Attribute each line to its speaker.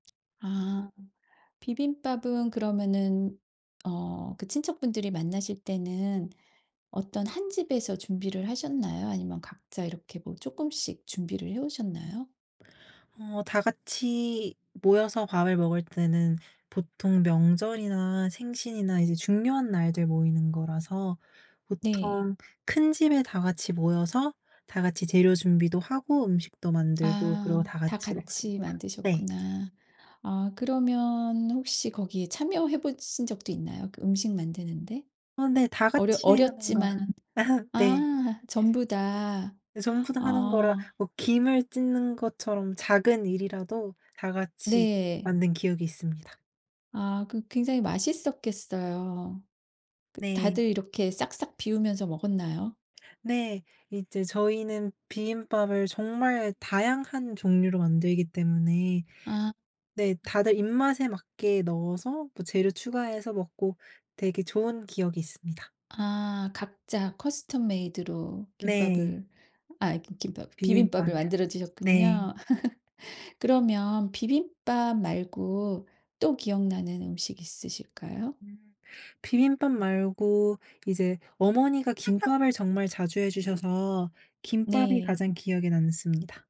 Speaker 1: 아. 비빔밥은 그러면은 어 그 친척분들이 만나실 때는 어떤 1 집에서 준비를 하셨나요? 아니면 각자 이렇게 뭐 쪼끔씩 준비를 해오셨나요?
Speaker 2: 어 다 같이 모여서 밥을 먹을 때는 보통 명절이나 생신이나 이제 중요한 날들 모이는 거라서
Speaker 1: 네.
Speaker 2: 보통 큰 집에 다 같이 모여서 다 같이 재료 준비도 하고 음식도 만들고 그러고
Speaker 1: 아.
Speaker 2: 다
Speaker 1: 다
Speaker 2: 같이
Speaker 1: 같이
Speaker 2: 먹습니다. 네.
Speaker 1: 만드셨구나. 아 그러면 혹시 거기에 참여해 보신 적도 있나요, 그 음식 만드는데?
Speaker 2: 아 네. 다
Speaker 1: 어려
Speaker 2: 같이 하는 거라.
Speaker 1: 어렸지만
Speaker 2: 네.
Speaker 1: 아 전부 다.
Speaker 2: 네. 전부 다 하는 거라
Speaker 1: 아.
Speaker 2: 뭐 김을 찢는 것처럼 작은 일이라도 다 같이
Speaker 1: 네.
Speaker 2: 만든 기억이 있습니다.
Speaker 1: 아 그 굉장히 맛있었겠어요. 그
Speaker 2: 네.
Speaker 1: 다들 이렇게 싹싹 비우면서 먹었나요?
Speaker 2: 네. 이제 저희는 비빔밥을 정말 다양한 종류로 만들기 때문에
Speaker 1: 아.
Speaker 2: 네 다들 입맛에 맞게 넣어서 뭐 재료 추가해서 먹고 되게 좋은 기억이 있습니다.
Speaker 1: 아 각자 커스텀 메이드로
Speaker 2: 네.
Speaker 1: 김밥을. 아 기 김밥 비빔밥을
Speaker 2: 비빔밥이요.
Speaker 1: 만들어
Speaker 2: 네.
Speaker 1: 드셨군요. 그러면 비빔밥 말고 또 기억나는 음식 있으실까요?
Speaker 2: 음. 비빔밥 말고 이제 어머니가 김밥을 정말 자주 해 주셔서 김밥이
Speaker 1: 네.
Speaker 2: 가장 기억에 남습니다.